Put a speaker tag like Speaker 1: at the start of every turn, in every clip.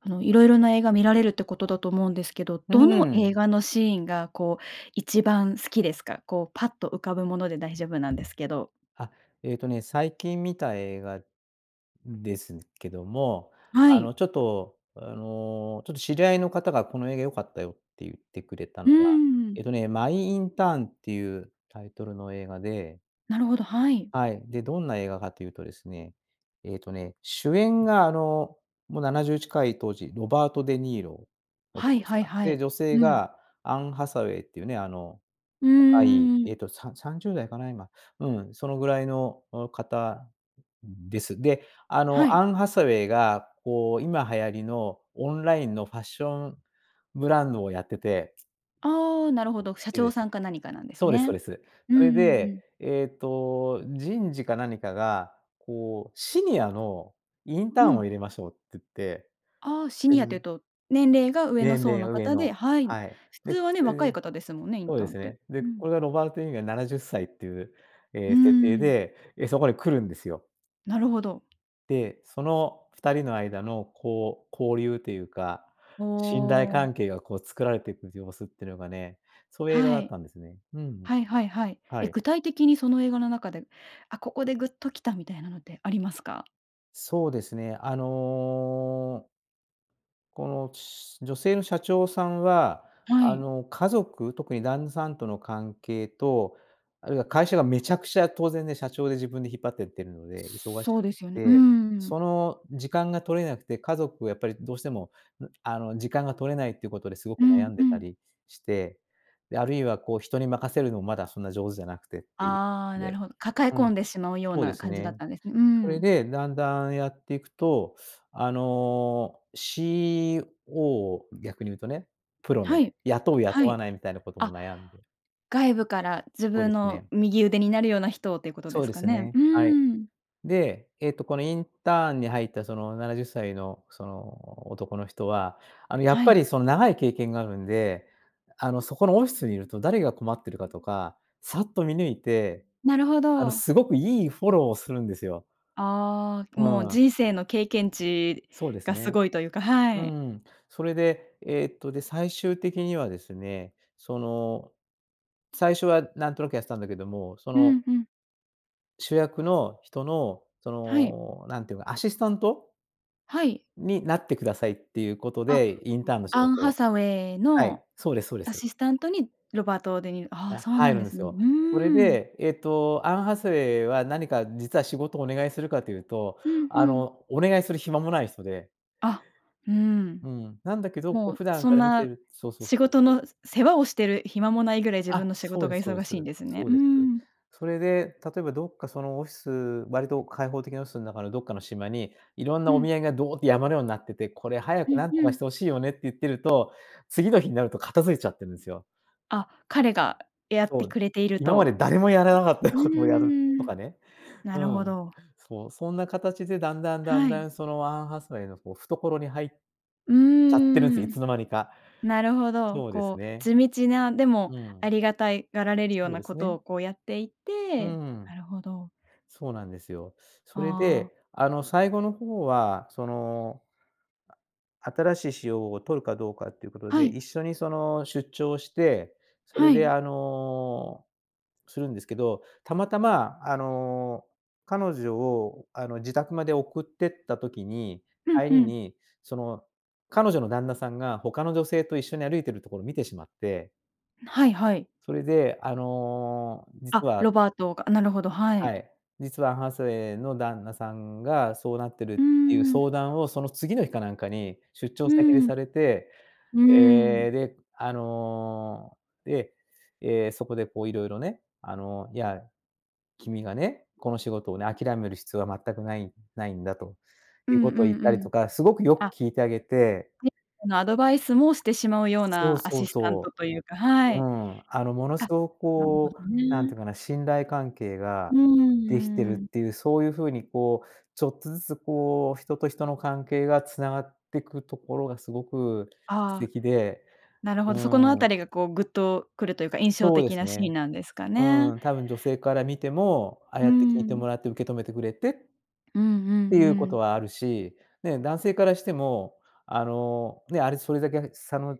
Speaker 1: あの、色々な映画見られるってことだと思うんですけど、
Speaker 2: うー
Speaker 1: どの映
Speaker 2: ん。
Speaker 1: 画のシーンがこう、一番好きですか？こう、パッと浮かぶもので大丈夫なんですけど。
Speaker 2: あ、えっとね、最近見た映画ですけども、
Speaker 1: は
Speaker 2: あ
Speaker 1: い。
Speaker 2: の、ちょっとあの、ちょっと知り合いの方が、「この映画良かったよ」ってゆってくれた
Speaker 1: う
Speaker 2: のが、
Speaker 1: ん。
Speaker 2: えっとね、マイ・インターンっていうタイトルの映画で
Speaker 1: なるほど、はい。
Speaker 2: はい、で、どんな映画かというとですね、えっとね、主演があの、もう70近い、当時、ロバート・デ・ニーロ、
Speaker 1: は
Speaker 2: 男
Speaker 1: い
Speaker 2: の
Speaker 1: は
Speaker 2: 人
Speaker 1: い
Speaker 2: が、
Speaker 1: は
Speaker 2: で、
Speaker 1: い。
Speaker 2: 女性
Speaker 1: うん。
Speaker 2: がアン・ハサウェイっていうね、あの、
Speaker 1: う
Speaker 2: 若い、
Speaker 1: ー
Speaker 2: え
Speaker 1: ん。
Speaker 2: っと、さ30代かな今、うん、そのぐらいの、お方です。で、あ
Speaker 1: は
Speaker 2: の、ア
Speaker 1: い。
Speaker 2: ン・ハサウェイがこう、今、流行りのオンラインのファッションブランドをやってて
Speaker 1: ああ、なるほど、社
Speaker 2: い
Speaker 1: 長
Speaker 2: で
Speaker 1: さ
Speaker 2: す。
Speaker 1: んか何かなんです
Speaker 2: そうですそう
Speaker 1: ね。
Speaker 2: です。
Speaker 1: うん
Speaker 2: そ
Speaker 1: う
Speaker 2: れ
Speaker 1: んう
Speaker 2: で、
Speaker 1: ん。
Speaker 2: えっと人事か何かが、こう、シニアのイン
Speaker 1: う
Speaker 2: ターンを
Speaker 1: ん。
Speaker 2: 入れましょうつって
Speaker 1: ああ、シ
Speaker 2: え
Speaker 1: ニアっていう
Speaker 2: ぬ
Speaker 1: と、年齢が上の
Speaker 2: 年
Speaker 1: 層
Speaker 2: 齢
Speaker 1: の
Speaker 2: 上
Speaker 1: 方
Speaker 2: の、
Speaker 1: ではい。
Speaker 2: はい。
Speaker 1: 普通
Speaker 2: で、
Speaker 1: はね、若い
Speaker 2: [unintelligible]
Speaker 1: 方ですもんね、イン
Speaker 2: そう
Speaker 1: タ
Speaker 2: で
Speaker 1: ーンっ
Speaker 2: す
Speaker 1: て。
Speaker 2: ね、で、
Speaker 1: うん。
Speaker 2: これが、ロバート・デ・ニーロが70歳っていう、え
Speaker 1: うー
Speaker 2: え、設定
Speaker 1: ん。
Speaker 2: で、え、そこに来るんですよ。
Speaker 1: なるほど。
Speaker 2: で、その2人の間のこう、交流というか、
Speaker 1: お
Speaker 2: 信頼
Speaker 1: お。
Speaker 2: 関係がこう、作られてく様子ってのがねそういう映画
Speaker 1: は
Speaker 2: だっ
Speaker 1: い。
Speaker 2: たんですね。うん、う。
Speaker 1: はいはいはい。
Speaker 2: は
Speaker 1: え、
Speaker 2: い。
Speaker 1: 具体的にその映画の中で「あ、ここで、グッときた」みたいなのってありますか？
Speaker 2: そうですね、あのこの、ちす女性の社長さんは、
Speaker 1: は
Speaker 2: あ
Speaker 1: い。
Speaker 2: の、家族、特に旦那さんとの関係と、あるいは会社がめちゃくちゃ当然ね、社長で自分で引っ張ってってるので、忙し
Speaker 1: そ
Speaker 2: く
Speaker 1: うですよね、うー
Speaker 2: て、
Speaker 1: ん。
Speaker 2: その、時間が取れなくて家族をやっぱりどうしても、ぬあの、時間が取れないっていうことですごく
Speaker 1: う
Speaker 2: 悩
Speaker 1: ん、
Speaker 2: んで
Speaker 1: う
Speaker 2: た
Speaker 1: ん。
Speaker 2: りして、で、あるいはこう、人に任せるのまだそんな上手じゃなくてって、い
Speaker 1: ああ、なる
Speaker 2: で、
Speaker 1: ほど。抱え
Speaker 2: うん、
Speaker 1: 込んでしまうよう
Speaker 2: そうで
Speaker 1: な
Speaker 2: す
Speaker 1: 感じだっ
Speaker 2: ね、
Speaker 1: たんですう
Speaker 2: それ
Speaker 1: ん。
Speaker 2: でだんだんやってくいと、あの、CEO 逆にいうとね、プロの
Speaker 1: は
Speaker 2: ね、
Speaker 1: い。
Speaker 2: 雇う雇
Speaker 1: は
Speaker 2: わ
Speaker 1: い。
Speaker 2: ないみたいなことも
Speaker 1: あ、
Speaker 2: 悩んで
Speaker 1: 外部から自
Speaker 2: そうで
Speaker 1: 分
Speaker 2: す
Speaker 1: の
Speaker 2: ね。
Speaker 1: 右腕になるような人をっていうこと
Speaker 2: そ
Speaker 1: で
Speaker 2: う
Speaker 1: す
Speaker 2: で
Speaker 1: か
Speaker 2: す
Speaker 1: ね？
Speaker 2: ね、
Speaker 1: う
Speaker 2: はい。
Speaker 1: ーん。
Speaker 2: で、えっと、このインターンに入ったその70歳のその男の人は、あの、やっ
Speaker 1: は
Speaker 2: ぱり
Speaker 1: い。
Speaker 2: その、長い経験があるんで、あの、そこのオフィスにいると、誰が困ってるかとか、さっと見抜いて、
Speaker 1: なるほ
Speaker 2: あの、
Speaker 1: ど。
Speaker 2: すごくいいフォローをするんですよ。
Speaker 1: ああ、もう
Speaker 2: うん。
Speaker 1: 人生の経験値
Speaker 2: そうです
Speaker 1: がす
Speaker 2: ね。
Speaker 1: ごいというか。は
Speaker 2: う
Speaker 1: い。
Speaker 2: んうん、それで、えっと、で、最終的にはですね、その、最初はなんとなくやってたんだけども、そ
Speaker 1: う
Speaker 2: の
Speaker 1: ん、うん。
Speaker 2: 主役の人の、そ
Speaker 1: はい。
Speaker 2: のなんていうのかな、アシスタント
Speaker 1: はい。
Speaker 2: になってくださいっていうこと
Speaker 1: あ、
Speaker 2: で、インターンの仕
Speaker 1: アン・
Speaker 2: 事
Speaker 1: ハ
Speaker 2: を。
Speaker 1: サウェイ
Speaker 2: は
Speaker 1: の
Speaker 2: い、そうですそうで
Speaker 1: ア
Speaker 2: す。
Speaker 1: シスタントにロバート・デニーロ、ああ、
Speaker 2: だ
Speaker 1: そうな
Speaker 2: 入
Speaker 1: ん
Speaker 2: る
Speaker 1: で
Speaker 2: んで
Speaker 1: す
Speaker 2: す
Speaker 1: ね。
Speaker 2: よ。
Speaker 1: う
Speaker 2: それ
Speaker 1: ん。
Speaker 2: で、えっと、アン・ハサウェイは何か実は仕事をお願いするかというと、
Speaker 1: うんう
Speaker 2: あ
Speaker 1: ん。
Speaker 2: の、お願いする暇もない人で。
Speaker 1: あ、うん。
Speaker 2: うん、なんだけど、こう
Speaker 1: もう
Speaker 2: 普段
Speaker 1: そ
Speaker 2: か
Speaker 1: ん
Speaker 2: ら見て
Speaker 1: な
Speaker 2: るそうそうそ
Speaker 1: 仕
Speaker 2: う
Speaker 1: 事
Speaker 2: そ
Speaker 1: の
Speaker 2: う。
Speaker 1: 世話をしてる暇もないぐらい自
Speaker 2: あ、
Speaker 1: 分の仕
Speaker 2: そう
Speaker 1: 事
Speaker 2: で
Speaker 1: が
Speaker 2: すそうで
Speaker 1: 忙
Speaker 2: す、
Speaker 1: しいんですね。
Speaker 2: そう
Speaker 1: う
Speaker 2: です。
Speaker 1: ん。
Speaker 2: それで、例えばどっかそのオフィス、割と開放的なオフィスの中のどっかの島に、色んな
Speaker 1: う
Speaker 2: お
Speaker 1: ん。
Speaker 2: 土産がどって山のようになってて、これ早
Speaker 1: う
Speaker 2: く
Speaker 1: ん
Speaker 2: 何と
Speaker 1: う
Speaker 2: かし
Speaker 1: ん。
Speaker 2: て欲しいよねって「打-明」言ってると、次の日になると片付いちゃってるんですよ。
Speaker 1: あ、彼がやっ
Speaker 2: そ
Speaker 1: て
Speaker 2: う、
Speaker 1: くれている
Speaker 2: 今ま
Speaker 1: と。
Speaker 2: で誰もやらなかった
Speaker 1: うー
Speaker 2: ことをやると
Speaker 1: ん、
Speaker 2: かね、
Speaker 1: な
Speaker 2: う
Speaker 1: るほ
Speaker 2: ん。
Speaker 1: ど。
Speaker 2: そう、そんな形でだんだん、だん
Speaker 1: は
Speaker 2: だ
Speaker 1: い。
Speaker 2: んそのアン・ハサウェイのこう懐に入っ
Speaker 1: う
Speaker 2: ちゃってるん
Speaker 1: ー
Speaker 2: すよ。い
Speaker 1: ん。
Speaker 2: つのまにか。
Speaker 1: なるほど、
Speaker 2: そうです
Speaker 1: こう
Speaker 2: ね。
Speaker 1: 地道な、でも
Speaker 2: う
Speaker 1: あ
Speaker 2: ん。
Speaker 1: りがたいがられるよう
Speaker 2: そう
Speaker 1: な
Speaker 2: で
Speaker 1: こ
Speaker 2: す
Speaker 1: と
Speaker 2: ね。
Speaker 1: をこうやってい
Speaker 2: う
Speaker 1: て
Speaker 2: ん。
Speaker 1: なるほど。
Speaker 2: そうなんですよ。それ
Speaker 1: ああ。
Speaker 2: であの最後の方はその新しい COO を取るかどうかっていうこと
Speaker 1: は
Speaker 2: で、
Speaker 1: い。
Speaker 2: 一緒にその出張して、それ
Speaker 1: はい。
Speaker 2: で、あの、するんですけど、たまたま、あの、彼女をあの自宅まで送ってった時に、
Speaker 1: うん
Speaker 2: 帰
Speaker 1: う
Speaker 2: り
Speaker 1: ん。
Speaker 2: にその、彼女の旦那さんが他の女性と一緒に歩いてるところを見てしまって
Speaker 1: はいはい。
Speaker 2: それで、あの
Speaker 1: あ、
Speaker 2: 実は
Speaker 1: ロバートがなるほど、は
Speaker 2: は
Speaker 1: い。
Speaker 2: い、実はハサウェイの旦那さんがそうなってるっ
Speaker 1: う
Speaker 2: ていう
Speaker 1: ん。
Speaker 2: 相談をその次の日かなんかに、出張
Speaker 1: う
Speaker 2: 先で
Speaker 1: ん。
Speaker 2: されて。
Speaker 1: うー
Speaker 2: え
Speaker 1: ん。
Speaker 2: え、で、あの、で、え、そこでこう色々ね、あの、いや、君がね、この仕事をね、諦める必要は全くないないんだと
Speaker 1: う
Speaker 2: いう
Speaker 1: ん
Speaker 2: こ
Speaker 1: うん
Speaker 2: とを言っ
Speaker 1: う
Speaker 2: たりと
Speaker 1: ん。
Speaker 2: か、すごくよく
Speaker 1: あ。
Speaker 2: 聞いてあげて。
Speaker 1: で、あの、アドバイスもしてしまうよう
Speaker 2: そう
Speaker 1: なア
Speaker 2: そう
Speaker 1: シスタント
Speaker 2: そ
Speaker 1: というか、
Speaker 2: う。
Speaker 1: は
Speaker 2: う
Speaker 1: い。
Speaker 2: ん。あの、ものす
Speaker 1: あ、
Speaker 2: ご
Speaker 1: なるほ
Speaker 2: こう、
Speaker 1: ど
Speaker 2: 何てい
Speaker 1: ね。
Speaker 2: うかな、信頼関係が
Speaker 1: うん、
Speaker 2: できてるっ
Speaker 1: うーん。
Speaker 2: ていう、そういう風にこう、ちょっとずつこう、人と人の関係が繋がってくところがすごく素
Speaker 1: ああ、
Speaker 2: 敵で、
Speaker 1: なるほど、そこのあ
Speaker 2: うん。
Speaker 1: たりがこうグッとくるというか、印象
Speaker 2: そうで
Speaker 1: 的
Speaker 2: す
Speaker 1: なシーン
Speaker 2: ね。
Speaker 1: なんですか
Speaker 2: う
Speaker 1: ね。
Speaker 2: ーん、多分女性から見ても、ああ
Speaker 1: う
Speaker 2: やって聞いて
Speaker 1: ん。
Speaker 2: もらって受け止めてくれて
Speaker 1: w うんうん
Speaker 2: っていうこ
Speaker 1: う
Speaker 2: と
Speaker 1: ん。
Speaker 2: はあるし。ね、男性からしても、あの、ね、あれそれだけ差の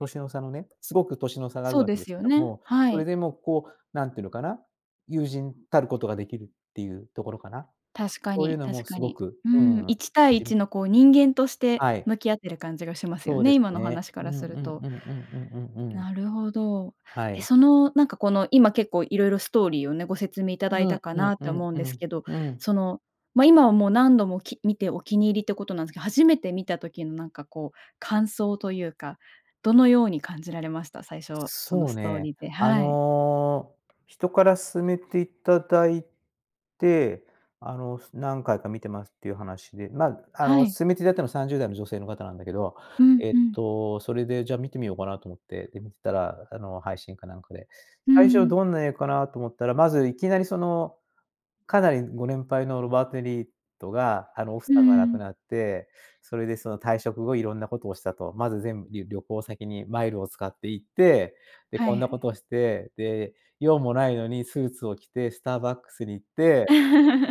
Speaker 2: 年の差のね、すごく年の差がある
Speaker 1: そう
Speaker 2: わけ
Speaker 1: で
Speaker 2: で
Speaker 1: す
Speaker 2: すけ
Speaker 1: よ
Speaker 2: ど
Speaker 1: ね。
Speaker 2: も。
Speaker 1: は
Speaker 2: それ
Speaker 1: い。
Speaker 2: でもこう、何て言うのかな、友人たることができるっていうところかな。
Speaker 1: 確か
Speaker 2: そういう
Speaker 1: に、
Speaker 2: のも
Speaker 1: 確か
Speaker 2: すご
Speaker 1: に。
Speaker 2: く、
Speaker 1: うー
Speaker 2: う
Speaker 1: ん、
Speaker 2: ーん、
Speaker 1: いったいい
Speaker 2: しん
Speaker 1: ちのこう人間として
Speaker 2: はい。
Speaker 1: 向き合ってる感じがしますよ
Speaker 2: そうで
Speaker 1: ね、
Speaker 2: す
Speaker 1: 今の
Speaker 2: ね。
Speaker 1: 話か
Speaker 2: う
Speaker 1: ら
Speaker 2: んう
Speaker 1: する
Speaker 2: ん
Speaker 1: と。
Speaker 2: うんうんうんうんうん。
Speaker 1: なるほど。
Speaker 2: は
Speaker 1: え、
Speaker 2: い。
Speaker 1: そのなんかこの、今結構いろいろストーリーをね、ご説明いた
Speaker 2: う
Speaker 1: だいた
Speaker 2: ん
Speaker 1: か
Speaker 2: うん
Speaker 1: なって
Speaker 2: うん
Speaker 1: 思うん
Speaker 2: う
Speaker 1: です
Speaker 2: ん、
Speaker 1: けど、
Speaker 2: うん。
Speaker 1: その、ま、今はもう何度もき見てお気に入りってことなんですけど、初めて見た時のなんかこう感想というか、どのように感じられました？最初その
Speaker 2: そう
Speaker 1: ストー
Speaker 2: ね、
Speaker 1: リーで、
Speaker 2: あ
Speaker 1: はい。
Speaker 2: の、人から勧めていただいて、あの、何回か見てますっていう話で。まあ、あ
Speaker 1: は
Speaker 2: の、
Speaker 1: い。
Speaker 2: 勧めていただいたのは30代の女性の方なんだけど。
Speaker 1: うん
Speaker 2: えっ
Speaker 1: うん。
Speaker 2: と、それでじゃあ見てみようかなと思って、で、見てたらあの配信かなんかで。
Speaker 1: うー
Speaker 2: 最初
Speaker 1: ん。
Speaker 2: どんな映画かなと思ったら、まずいきなりその、かなりご年配のロバート・デ・ニーロがあの奥
Speaker 1: うー
Speaker 2: さんが亡く
Speaker 1: ん。
Speaker 2: なって、それでその退職後色んなことをしたと。まず全部り旅行先にマイルを使って行って、で、
Speaker 1: は
Speaker 2: こんなこ
Speaker 1: い。
Speaker 2: とをして、で、用もないのにスーツを着てスターバックスに行って、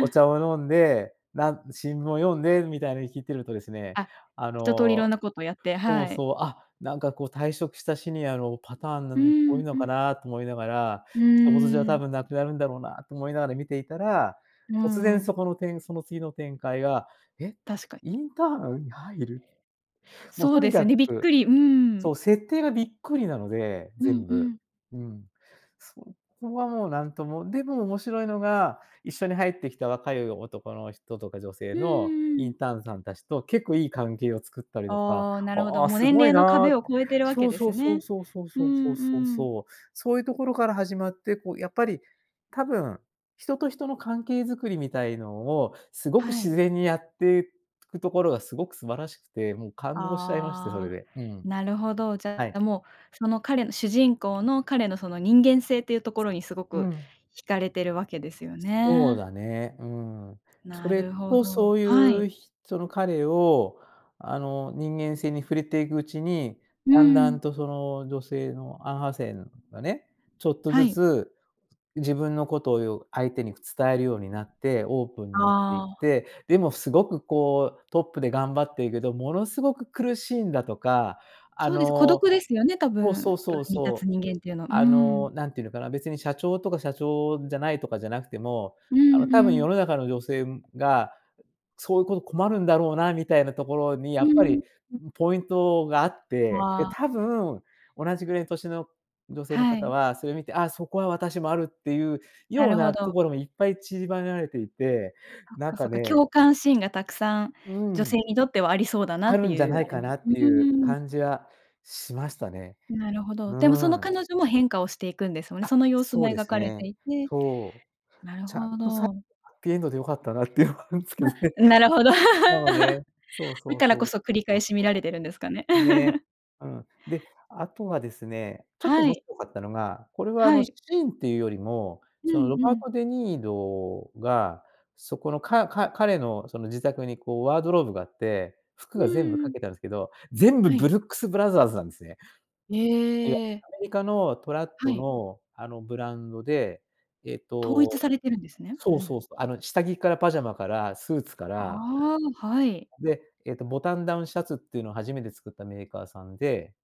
Speaker 2: お茶 を飲んで、なん新聞を読んでみたいなの聞いてるとですね、
Speaker 1: あ、
Speaker 2: あ
Speaker 1: 一通りい
Speaker 2: の
Speaker 1: ろんなことをやって、
Speaker 2: そう
Speaker 1: はい。
Speaker 2: そう、あ、なんかこう退職したシニアのパターンな
Speaker 1: う
Speaker 2: の多い
Speaker 1: ん、う
Speaker 2: のか
Speaker 1: ん。
Speaker 2: なと思いながら、
Speaker 1: う
Speaker 2: 他人事じゃ
Speaker 1: ー
Speaker 2: 多
Speaker 1: ん。
Speaker 2: 分なくなるんだろうなと思いながら見ていたら、
Speaker 1: うー
Speaker 2: 突然
Speaker 1: ん。
Speaker 2: そこのてんその次の展開が、え、
Speaker 1: 確かに。
Speaker 2: インターンに入る？もう
Speaker 1: そう
Speaker 2: と
Speaker 1: で
Speaker 2: に
Speaker 1: す
Speaker 2: か
Speaker 1: よね、びっ
Speaker 2: く
Speaker 1: くり。うー
Speaker 2: そ
Speaker 1: ん。
Speaker 2: う、設定がびっくりなので、
Speaker 1: うん
Speaker 2: 全
Speaker 1: う
Speaker 2: 部。
Speaker 1: ん。
Speaker 2: うん。そこはもう何とも、でも面白いのが、一緒に入ってきた若い男の人とか女性
Speaker 1: うん
Speaker 2: の
Speaker 1: うん
Speaker 2: イ
Speaker 1: う
Speaker 2: ン
Speaker 1: ん。
Speaker 2: ターンさん達と結構いい関係を作ったりとか。
Speaker 1: ああ、なるほど。
Speaker 2: ああ、
Speaker 1: もう
Speaker 2: す
Speaker 1: 年
Speaker 2: ごい
Speaker 1: 齢の
Speaker 2: なあ。
Speaker 1: 壁を越えているわ
Speaker 2: そ
Speaker 1: け
Speaker 2: う
Speaker 1: で
Speaker 2: そ
Speaker 1: す
Speaker 2: うそう
Speaker 1: ね。
Speaker 2: そうそう
Speaker 1: う
Speaker 2: そうそ
Speaker 1: ん
Speaker 2: うそう
Speaker 1: うん。
Speaker 2: そう。そういうところから始まって、こうやっぱり、多分、人と人の関係作りみたいのをすごく
Speaker 1: は
Speaker 2: 自
Speaker 1: い。
Speaker 2: 然にやってくところがすごく素晴らしくて、もう感動しちゃいまして、それ
Speaker 1: ああ、
Speaker 2: で。うん。
Speaker 1: なるほど。じ
Speaker 2: は
Speaker 1: ゃ
Speaker 2: い。
Speaker 1: あもう、その彼の主人公の彼のその人間性っていうところにすご
Speaker 2: う
Speaker 1: く
Speaker 2: ん。
Speaker 1: 惹かれてるわけですよ
Speaker 2: そう
Speaker 1: ね。
Speaker 2: だね、うん。そ
Speaker 1: な
Speaker 2: れ
Speaker 1: るほ
Speaker 2: とそ
Speaker 1: ど、
Speaker 2: う
Speaker 1: はい。
Speaker 2: いう人の彼をあの人間性に触れていくうちに、
Speaker 1: う
Speaker 2: だんだん
Speaker 1: ん。
Speaker 2: とその女性のアン・ハサウェイがね、ちょっと
Speaker 1: は
Speaker 2: ず
Speaker 1: い。
Speaker 2: つ、自分のことよ相手に伝えるようになって、オープンになっていっ
Speaker 1: ああ。
Speaker 2: て、でもすごくこう、トップで頑張ってるけど、ものすごく苦しいんだとか、あ
Speaker 1: そうです、孤
Speaker 2: の
Speaker 1: 独ですよね、たぶ
Speaker 2: そうそ
Speaker 1: ん、
Speaker 2: う
Speaker 1: 上
Speaker 2: そう
Speaker 1: に立つ
Speaker 2: そう。
Speaker 1: 人間っていうのは。うー
Speaker 2: あの、
Speaker 1: ん。
Speaker 2: 何て言うのかな、別に社長とか社長じゃないとかじゃなくても、
Speaker 1: う
Speaker 2: あの、
Speaker 1: んう
Speaker 2: 多分世
Speaker 1: ん。
Speaker 2: の中の女性が、そういうこと困るんだろうなみたいなところに
Speaker 1: う
Speaker 2: やっぱ
Speaker 1: ーん、
Speaker 2: り、
Speaker 1: うん。
Speaker 2: ん、ポイントがあって、
Speaker 1: は
Speaker 2: で、
Speaker 1: あ。
Speaker 2: 多分、同じぐらいの年の女性の
Speaker 1: は
Speaker 2: 方
Speaker 1: い。
Speaker 2: は、それを見て、あ、そこは私もあるっていう
Speaker 1: な
Speaker 2: よう
Speaker 1: るほ
Speaker 2: なと
Speaker 1: ど。
Speaker 2: ころもいっぱい散りばねられていて、
Speaker 1: そっ
Speaker 2: なん
Speaker 1: かそ
Speaker 2: か
Speaker 1: っか、
Speaker 2: ね。
Speaker 1: 共感シーンがたくさん
Speaker 2: う
Speaker 1: 女性
Speaker 2: ん。
Speaker 1: にとってはありそうだな
Speaker 2: あ
Speaker 1: って
Speaker 2: るんじゃ
Speaker 1: いう
Speaker 2: ない
Speaker 1: あれ
Speaker 2: か
Speaker 1: な
Speaker 2: なっ
Speaker 1: う
Speaker 2: ていう
Speaker 1: ーん。
Speaker 2: 感じはしましたね。
Speaker 1: なるほど。
Speaker 2: う
Speaker 1: でもその
Speaker 2: ーん。
Speaker 1: 彼女も変化をしていくんですよね。
Speaker 2: あ、
Speaker 1: その様子
Speaker 2: そ
Speaker 1: も
Speaker 2: うで
Speaker 1: 描
Speaker 2: す
Speaker 1: かれて
Speaker 2: ね。
Speaker 1: いて、
Speaker 2: そう。
Speaker 1: なる
Speaker 2: ちゃん
Speaker 1: ほ
Speaker 2: とさ
Speaker 1: ど。
Speaker 2: ハッピーエンドで良かったなっていうのはあるんですけどね。
Speaker 1: あ、ん、なるほど。
Speaker 2: そうね。
Speaker 1: だ
Speaker 2: そうそう
Speaker 1: から
Speaker 2: そ
Speaker 1: こ
Speaker 2: う
Speaker 1: そ繰
Speaker 2: そう
Speaker 1: り
Speaker 2: そう
Speaker 1: 返
Speaker 2: そ
Speaker 1: し見られてるんですかね。
Speaker 2: う。ね、うん。で、あとはですね、ちょっと
Speaker 1: は
Speaker 2: 面
Speaker 1: い。
Speaker 2: 白かったのが、これはあ
Speaker 1: は
Speaker 2: の、シ
Speaker 1: い。
Speaker 2: ーンっていうよりも、
Speaker 1: う
Speaker 2: その
Speaker 1: ん、
Speaker 2: ロ
Speaker 1: う
Speaker 2: バー
Speaker 1: ん。
Speaker 2: ト・デ・ニーロが、そこのかか彼のその自宅にこうワードローブがあって、服
Speaker 1: う
Speaker 2: が全部
Speaker 1: ー
Speaker 2: か
Speaker 1: ん。
Speaker 2: けたんですけど、全部
Speaker 1: は
Speaker 2: ブ
Speaker 1: い。
Speaker 2: ルックスブラザーズなんですね。
Speaker 1: へ
Speaker 2: いや、
Speaker 1: え。
Speaker 2: アメリカのトラッ
Speaker 1: は
Speaker 2: ト
Speaker 1: い。
Speaker 2: の、あの、ブランドで、えっ
Speaker 1: 統一
Speaker 2: と
Speaker 1: されてるんですね。う
Speaker 2: そう
Speaker 1: ん。
Speaker 2: そうそう。あの下着からパジャマから、スーツから。
Speaker 1: ああ、はい。
Speaker 2: で、えっと、ボタンダウンシャツっていうのを初めて作ったメーカーさんで。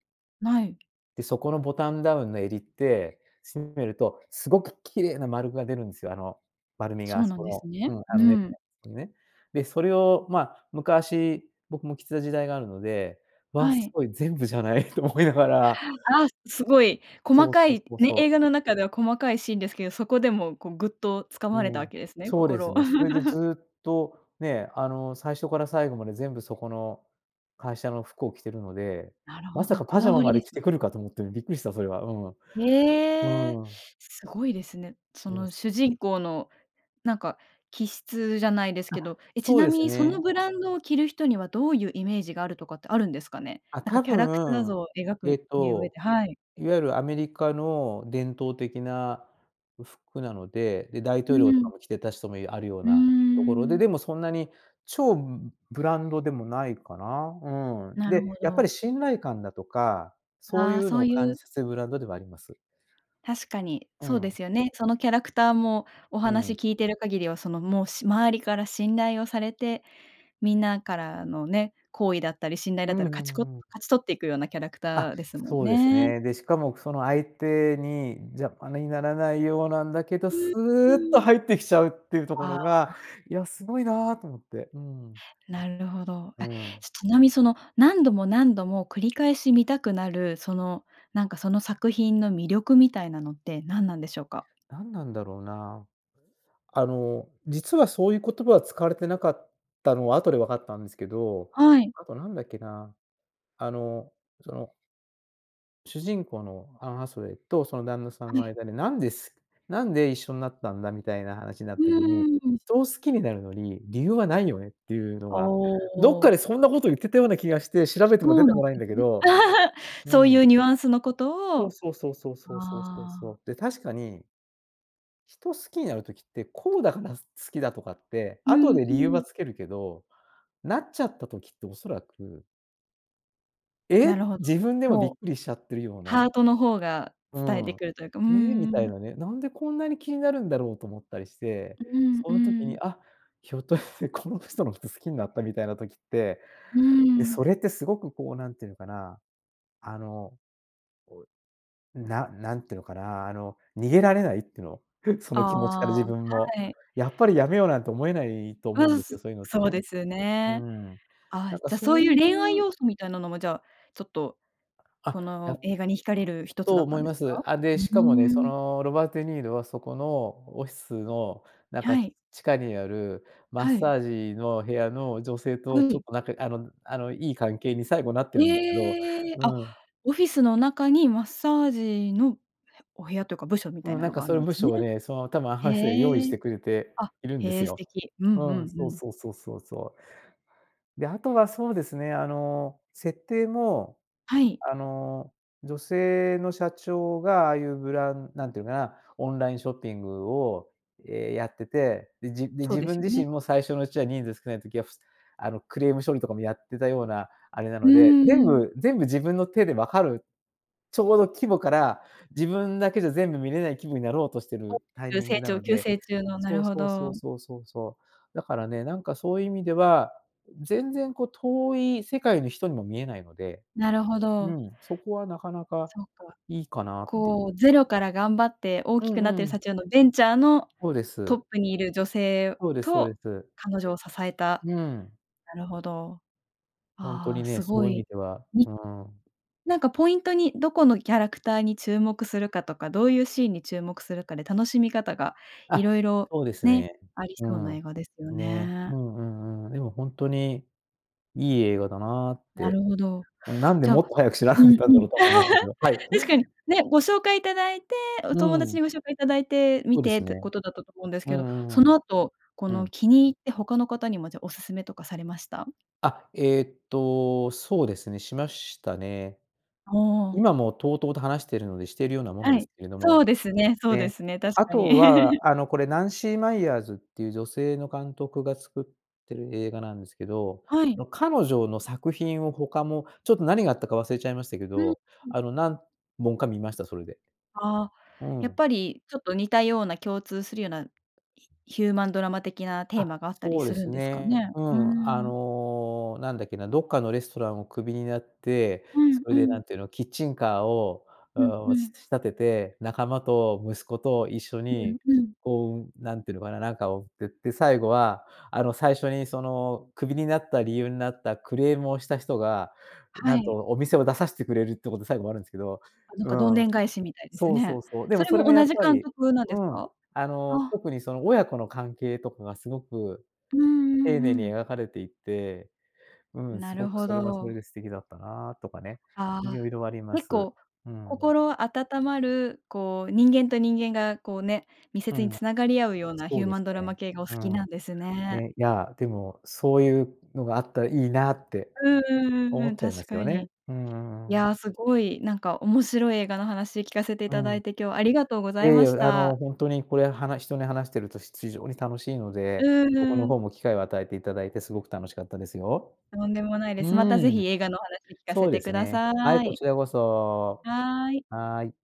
Speaker 1: ない。
Speaker 2: で、そこの、ボタンダウンの襟って、しんめると、すごく綺麗な丸が出るんすよ、あの、丸みが、
Speaker 1: そ
Speaker 2: あ
Speaker 1: う
Speaker 2: す
Speaker 1: な
Speaker 2: そ
Speaker 1: んです
Speaker 2: の
Speaker 1: ね、
Speaker 2: うん、あ
Speaker 1: う
Speaker 2: の、ネクタ
Speaker 1: ん。
Speaker 2: イのとこにね。で、それをま、昔、僕も着てた時代があるので、「わあ、
Speaker 1: は
Speaker 2: す
Speaker 1: い。
Speaker 2: ごい！全部じゃない」と思いながら
Speaker 1: あ、すごい細
Speaker 2: そうそ
Speaker 1: か
Speaker 2: う
Speaker 1: い、
Speaker 2: そう
Speaker 1: ね、
Speaker 2: そう。
Speaker 1: 映画の中では細かいシーンですけど、そこでもう、こう、ぐっと掴
Speaker 2: う
Speaker 1: まれたわ
Speaker 2: ん、
Speaker 1: けですね、
Speaker 2: そうです
Speaker 1: 心を。
Speaker 2: ね。それで ずっとね、あの、最初から最後まで全部そこの会社の服を着てるので、
Speaker 1: なる
Speaker 2: ま
Speaker 1: ほ
Speaker 2: さか
Speaker 1: ど、こ
Speaker 2: パジ
Speaker 1: だ
Speaker 2: ャマ
Speaker 1: わり
Speaker 2: まで
Speaker 1: で
Speaker 2: 着
Speaker 1: す
Speaker 2: てくるかと思って、びっくりしたそれは、う
Speaker 1: え
Speaker 2: ん。
Speaker 1: え！
Speaker 2: うん。
Speaker 1: すごいですね。そ
Speaker 2: もう、
Speaker 1: の
Speaker 2: す
Speaker 1: 主人公のなんか気質じゃないです
Speaker 2: あ、
Speaker 1: けど。え、ち
Speaker 2: そう
Speaker 1: な
Speaker 2: で
Speaker 1: み
Speaker 2: す
Speaker 1: にその
Speaker 2: ね。
Speaker 1: ブランドを着る人にはどういうイメージがあるとかってあるんですかね？
Speaker 2: あ、
Speaker 1: なんか
Speaker 2: 多
Speaker 1: キャラクター
Speaker 2: 分、
Speaker 1: 像を描く
Speaker 2: えっ
Speaker 1: に上
Speaker 2: と、
Speaker 1: ではい。
Speaker 2: いわゆるアメリカの伝統的なふ服なので、で、大
Speaker 1: う
Speaker 2: 統領とか
Speaker 1: ん。
Speaker 2: も着てた人もいあるよう
Speaker 1: うー
Speaker 2: なところで、
Speaker 1: ん。
Speaker 2: でもそんなに超ブブランドでもないかな。うん。
Speaker 1: なるほ
Speaker 2: で、やっぱ
Speaker 1: ど。
Speaker 2: り信頼感だとか、そう
Speaker 1: あ
Speaker 2: い
Speaker 1: あ、
Speaker 2: う
Speaker 1: そ
Speaker 2: の
Speaker 1: う
Speaker 2: を
Speaker 1: ゆ
Speaker 2: 感じ
Speaker 1: う
Speaker 2: させるブランドではあります。
Speaker 1: 確かに、
Speaker 2: う
Speaker 1: そうで
Speaker 2: ん。
Speaker 1: すよね。そのキャラクターも、お
Speaker 2: う
Speaker 1: 話
Speaker 2: ん。
Speaker 1: 聞いてる限りは、そのもう、し周りから信頼をされて、みんなからのね、好意だったり信頼
Speaker 2: う
Speaker 1: だっ
Speaker 2: ん
Speaker 1: たら、
Speaker 2: うん
Speaker 1: 勝ちこ
Speaker 2: うん。
Speaker 1: 勝ち取っていくようなキャラク
Speaker 2: あ、
Speaker 1: ターですもん
Speaker 2: そうです
Speaker 1: ね。
Speaker 2: ね。で、しかもその、相手に邪魔にならないようなんだけど、
Speaker 1: うん、
Speaker 2: スー
Speaker 1: う
Speaker 2: ッと
Speaker 1: ん。
Speaker 2: 入ってきちゃうっていうとこ
Speaker 1: あ
Speaker 2: ろが、
Speaker 1: あ。
Speaker 2: いや、すごいなと思って、うん。
Speaker 1: なるほど。
Speaker 2: う
Speaker 1: あ！
Speaker 2: ん。
Speaker 1: ちなみその、何度も何度も繰り返し見たくなる、その、なんかその作品の魅力みたいなのって何なんでしょうか？
Speaker 2: 何なんだろうな。あの、実はそういう言葉は使われてなかったのは後で分かったんですけど、
Speaker 1: はい。
Speaker 2: あと何だっけな、あの、その主人公のアン・ハサウェイとその旦那さん
Speaker 1: は
Speaker 2: の
Speaker 1: い。
Speaker 2: 間でなんです「なんで一緒になったんだ」みたいな話になっ
Speaker 1: う
Speaker 2: た時に
Speaker 1: ーん。
Speaker 2: 「人を好きになるのに理由はないよね」っていうの
Speaker 1: あ
Speaker 2: は、どっかで
Speaker 1: あ。
Speaker 2: そんなこと言ってたような気がして、調べても
Speaker 1: そ
Speaker 2: 出
Speaker 1: う
Speaker 2: て
Speaker 1: なん
Speaker 2: こないん
Speaker 1: で
Speaker 2: だけ
Speaker 1: すね。
Speaker 2: ど。う
Speaker 1: そうい
Speaker 2: ん。
Speaker 1: うニュアンスのこと
Speaker 2: そう
Speaker 1: を
Speaker 2: そうそうそうそうそうそうそ
Speaker 1: ああ。
Speaker 2: う。で、確かに人を好きになる時って、こうだから好きだとかって、
Speaker 1: う
Speaker 2: 後
Speaker 1: ん
Speaker 2: で
Speaker 1: う
Speaker 2: 理由は
Speaker 1: ん。
Speaker 2: 付けるけど、なっちゃった時って恐らく
Speaker 1: なる
Speaker 2: え？
Speaker 1: ほど。
Speaker 2: 自分でもび
Speaker 1: も
Speaker 2: っ
Speaker 1: う
Speaker 2: くりしちゃってるよう
Speaker 1: ハ
Speaker 2: な。
Speaker 1: ートの方が
Speaker 2: う
Speaker 1: 伝えて
Speaker 2: ん。
Speaker 1: くるというか。うー
Speaker 2: ええ？みたい
Speaker 1: ん。
Speaker 2: なね。なんでこんなに気になるんだろうと思ったりして、
Speaker 1: うん
Speaker 2: そ
Speaker 1: う
Speaker 2: の時に、
Speaker 1: ん。
Speaker 2: あ、ひょっとしてこの人のこと好きになったみたいな時って、
Speaker 1: うー
Speaker 2: で、
Speaker 1: ん。
Speaker 2: それってすごくこう何て言うのかな、あの、こう、な何て言うのかな。あの、逃げられないっていうの？そ
Speaker 1: あ
Speaker 2: の気持ちから
Speaker 1: あ、
Speaker 2: 自分も。
Speaker 1: はい。
Speaker 2: やっぱりやめようなんて思えないと
Speaker 1: う
Speaker 2: 思うん
Speaker 1: ん。
Speaker 2: です
Speaker 1: そ
Speaker 2: よ、そういうのって
Speaker 1: そう
Speaker 2: ね。
Speaker 1: です
Speaker 2: うー
Speaker 1: ね。
Speaker 2: ん。
Speaker 1: あ、
Speaker 2: なんか
Speaker 1: じゃそ
Speaker 2: そ
Speaker 1: う
Speaker 2: う
Speaker 1: い
Speaker 2: い
Speaker 1: う恋愛
Speaker 2: う
Speaker 1: 要素みたいなのも、じゃあ、ちょっと
Speaker 2: あ、
Speaker 1: こ
Speaker 2: や
Speaker 1: の映画に惹かれる一つ
Speaker 2: と
Speaker 1: だっ
Speaker 2: 思
Speaker 1: た
Speaker 2: い
Speaker 1: んで
Speaker 2: ま
Speaker 1: す
Speaker 2: す。
Speaker 1: か？
Speaker 2: あ、で、
Speaker 1: う、う
Speaker 2: しかもね、
Speaker 1: ー
Speaker 2: そ
Speaker 1: ん。
Speaker 2: の、ロバート・デニーロはそこのオフィスの、なん
Speaker 1: は
Speaker 2: か、
Speaker 1: い。
Speaker 2: 地下にある、マッ
Speaker 1: はい。
Speaker 2: サージの部屋の女性
Speaker 1: は
Speaker 2: とちょっ
Speaker 1: い。
Speaker 2: と、なんか、あの、あの、いい関係に最後なってるんですけど
Speaker 1: ええ、あ、
Speaker 2: うん。
Speaker 1: オフィスの中にマッサージのお部屋というか部署みたい
Speaker 2: うん。
Speaker 1: な
Speaker 2: なん
Speaker 1: の
Speaker 2: か
Speaker 1: があ
Speaker 2: そ
Speaker 1: る
Speaker 2: の
Speaker 1: んで
Speaker 2: 部
Speaker 1: すね。
Speaker 2: 署をね、その、多分アン・ハサウェイ用意し
Speaker 1: へえ。
Speaker 2: てくれて
Speaker 1: あ、
Speaker 2: いるんで
Speaker 1: へ
Speaker 2: す
Speaker 1: え、素
Speaker 2: よ。
Speaker 1: 敵。うんうん
Speaker 2: うん。
Speaker 1: う
Speaker 2: そう
Speaker 1: ん。
Speaker 2: そうそうそうそう。で、あとはそうですね、あの、設定も、
Speaker 1: はい。
Speaker 2: あの、女性の社長がああいうブラン何て言うのかな、オンラインショッピングを、ええ、やってて、で、じで、
Speaker 1: そう
Speaker 2: 自
Speaker 1: で
Speaker 2: 分
Speaker 1: すよ
Speaker 2: 自身
Speaker 1: ね。
Speaker 2: も最初のうちは人数少ない時は、ふすあの、クレーム処理とかもやってたような、あれな
Speaker 1: う
Speaker 2: ので、全
Speaker 1: ーん。
Speaker 2: 部、全部自分の手で分かるちょうど規模から、自分だけじゃ全部見れない規模になろうとして
Speaker 1: あ、
Speaker 2: るタイ
Speaker 1: 急
Speaker 2: ミング
Speaker 1: 成
Speaker 2: な
Speaker 1: 長
Speaker 2: の
Speaker 1: 急
Speaker 2: で
Speaker 1: 成中の、な
Speaker 2: そ
Speaker 1: る
Speaker 2: う
Speaker 1: ほ
Speaker 2: そうそう
Speaker 1: ど。
Speaker 2: そうそうそう。だからね、なんかそういう意味では、全然こう遠い世界の人にも見えないので、
Speaker 1: なるほ
Speaker 2: う
Speaker 1: ど。
Speaker 2: ん。そこはなかなか
Speaker 1: そっか。
Speaker 2: いいかなってい
Speaker 1: こ
Speaker 2: う。
Speaker 1: うゼロから頑張って大
Speaker 2: う
Speaker 1: き
Speaker 2: ん
Speaker 1: くなってる
Speaker 2: うん。
Speaker 1: 社長のベンチャーの
Speaker 2: そうで
Speaker 1: トッ
Speaker 2: す。
Speaker 1: プにいる女性
Speaker 2: そうですそうで
Speaker 1: と
Speaker 2: す。
Speaker 1: 彼女を支えた。
Speaker 2: うん。
Speaker 1: なるほど。
Speaker 2: ホント
Speaker 1: あ
Speaker 2: に
Speaker 1: あ、
Speaker 2: ね、
Speaker 1: す
Speaker 2: そう
Speaker 1: ご
Speaker 2: いう意味
Speaker 1: い。
Speaker 2: では
Speaker 1: に
Speaker 2: うーん。
Speaker 1: なんかポイントにどこのキャラクターに注目するかとか、どういうシーンに注目するかで楽しみ方が、
Speaker 2: あ、
Speaker 1: 色々、
Speaker 2: そうです
Speaker 1: ね、
Speaker 2: ね。
Speaker 1: あり
Speaker 2: う
Speaker 1: そうな
Speaker 2: ん。
Speaker 1: 映画ですよ
Speaker 2: ね。
Speaker 1: ね。
Speaker 2: うんうんうん。でもホントに、いい映画だなっ
Speaker 1: なる
Speaker 2: て、
Speaker 1: ほど。
Speaker 2: なんで
Speaker 1: じ
Speaker 2: も
Speaker 1: ゃ
Speaker 2: っと早く知らなか
Speaker 1: うん
Speaker 2: ったん
Speaker 1: う
Speaker 2: だ
Speaker 1: ん。
Speaker 2: ろうと思いましたけど。は い。
Speaker 1: 確かに、ね、ご紹介いただいて、お
Speaker 2: う
Speaker 1: 友
Speaker 2: ー
Speaker 1: 達
Speaker 2: ん。
Speaker 1: にご紹介いただいて、観
Speaker 2: そうで
Speaker 1: て
Speaker 2: す
Speaker 1: って
Speaker 2: ね。
Speaker 1: ことだったと思うんです
Speaker 2: う
Speaker 1: けど、そ
Speaker 2: んうんう
Speaker 1: の
Speaker 2: ん。
Speaker 1: 後、こ
Speaker 2: う
Speaker 1: の
Speaker 2: ん。
Speaker 1: 気に入って他の方にもじゃ、おすすめとかされました？
Speaker 2: あ、えっと、そうですね、しましたね。
Speaker 1: ああ。
Speaker 2: 今も滔々と話しているのでしているようなもの
Speaker 1: は
Speaker 2: です
Speaker 1: い。
Speaker 2: けれど
Speaker 1: そ
Speaker 2: も。
Speaker 1: うですね、そうで
Speaker 2: ね。
Speaker 1: すね。確
Speaker 2: あ
Speaker 1: かに。
Speaker 2: とは、あのこれナンシー・マイヤーズっていう女性の監督が作ってる映画なんですけど、
Speaker 1: はい。
Speaker 2: の、彼女の作品を他もちょっと何があったか忘れちゃいましたけ
Speaker 1: うん
Speaker 2: ど、
Speaker 1: うん。
Speaker 2: あの、何本か見ました、それで。
Speaker 1: ああ、
Speaker 2: う
Speaker 1: やっ
Speaker 2: ん。
Speaker 1: ぱりちょっと似たような、共通するようなヒヒューマンドラマ的なテー
Speaker 2: あ、
Speaker 1: マがあったり
Speaker 2: そう
Speaker 1: す
Speaker 2: で
Speaker 1: る
Speaker 2: す
Speaker 1: んですか
Speaker 2: ね。
Speaker 1: ね。
Speaker 2: う
Speaker 1: うー
Speaker 2: ん。あ
Speaker 1: ん。
Speaker 2: の、何だっけな？どっかのレストランをクビになって、
Speaker 1: うん
Speaker 2: それ
Speaker 1: う
Speaker 2: で
Speaker 1: ん。
Speaker 2: 何て言うの、キッチンカーを、
Speaker 1: うん
Speaker 2: ああ、
Speaker 1: う
Speaker 2: し
Speaker 1: ん。
Speaker 2: 仕立てて、仲間と息子と一緒
Speaker 1: うん
Speaker 2: に、
Speaker 1: うん。
Speaker 2: こう、何て言うのかな、なんかを作って、で、最後はあの、最初にその、クビになった理由になったクレームをした人が、
Speaker 1: は
Speaker 2: なんと
Speaker 1: い。
Speaker 2: お店を出さしてくれるってこと最後もあるんですけど、
Speaker 1: あ、なん
Speaker 2: う
Speaker 1: かどんで
Speaker 2: ん。
Speaker 1: ん返しみたいです
Speaker 2: そうそ
Speaker 1: ね。
Speaker 2: うそう。でも
Speaker 1: それ
Speaker 2: そ
Speaker 1: も
Speaker 2: れも
Speaker 1: 同
Speaker 2: やっ
Speaker 1: じ
Speaker 2: ぱ
Speaker 1: 監
Speaker 2: り
Speaker 1: 督なんで
Speaker 2: う
Speaker 1: す
Speaker 2: ん。
Speaker 1: か？
Speaker 2: あ
Speaker 1: あ
Speaker 2: の、
Speaker 1: あ。
Speaker 2: 特にその、親子の関係とかがすごく
Speaker 1: うんう
Speaker 2: 丁寧
Speaker 1: んう
Speaker 2: に
Speaker 1: ん。
Speaker 2: 描かれていて、うん。
Speaker 1: な
Speaker 2: す
Speaker 1: る
Speaker 2: ごく
Speaker 1: ほ
Speaker 2: それはそれ
Speaker 1: ど。
Speaker 2: で素敵だったなとかね、
Speaker 1: ああ。
Speaker 2: 色々ありま
Speaker 1: 結
Speaker 2: す。
Speaker 1: 構、
Speaker 2: うん。
Speaker 1: 心温まる、こう人間と人間が、こうね、密
Speaker 2: う
Speaker 1: 接に
Speaker 2: ん。
Speaker 1: つながり合うようなヒ
Speaker 2: そ
Speaker 1: ュ
Speaker 2: う
Speaker 1: ー
Speaker 2: で
Speaker 1: マ
Speaker 2: す
Speaker 1: ンドラマ
Speaker 2: ね。
Speaker 1: 系がお好
Speaker 2: う
Speaker 1: きな
Speaker 2: ん。
Speaker 1: んですね。
Speaker 2: ね、いや、でも、そういうのがあったらいいなって
Speaker 1: うんうんうん
Speaker 2: 思
Speaker 1: う
Speaker 2: っ
Speaker 1: ん。
Speaker 2: ちゃいま
Speaker 1: 確
Speaker 2: す
Speaker 1: か
Speaker 2: よね。
Speaker 1: に。
Speaker 2: うー
Speaker 1: いや
Speaker 2: ん。
Speaker 1: あ、すごいなんか面白い映画の話聞かせてい
Speaker 2: う
Speaker 1: ただ
Speaker 2: ん。
Speaker 1: いて、今日ありがとうござ
Speaker 2: え
Speaker 1: い
Speaker 2: え、い
Speaker 1: まし
Speaker 2: や、あの、
Speaker 1: た。
Speaker 2: 本当にこれは、はな人に話してるとひ非常に楽しいので、
Speaker 1: うん
Speaker 2: 僕
Speaker 1: う
Speaker 2: の
Speaker 1: ん。
Speaker 2: 方も機会を与えていただいてすごく楽しかったですよ。
Speaker 1: とんでもない
Speaker 2: う
Speaker 1: です。またぜ
Speaker 2: ー
Speaker 1: ひ
Speaker 2: ん。
Speaker 1: 映画のお話聞かせ
Speaker 2: そうで
Speaker 1: て
Speaker 2: す
Speaker 1: くだ
Speaker 2: ね。
Speaker 1: さ
Speaker 2: はい、こ
Speaker 1: い。
Speaker 2: ちらこそ。
Speaker 1: はい。
Speaker 2: はい。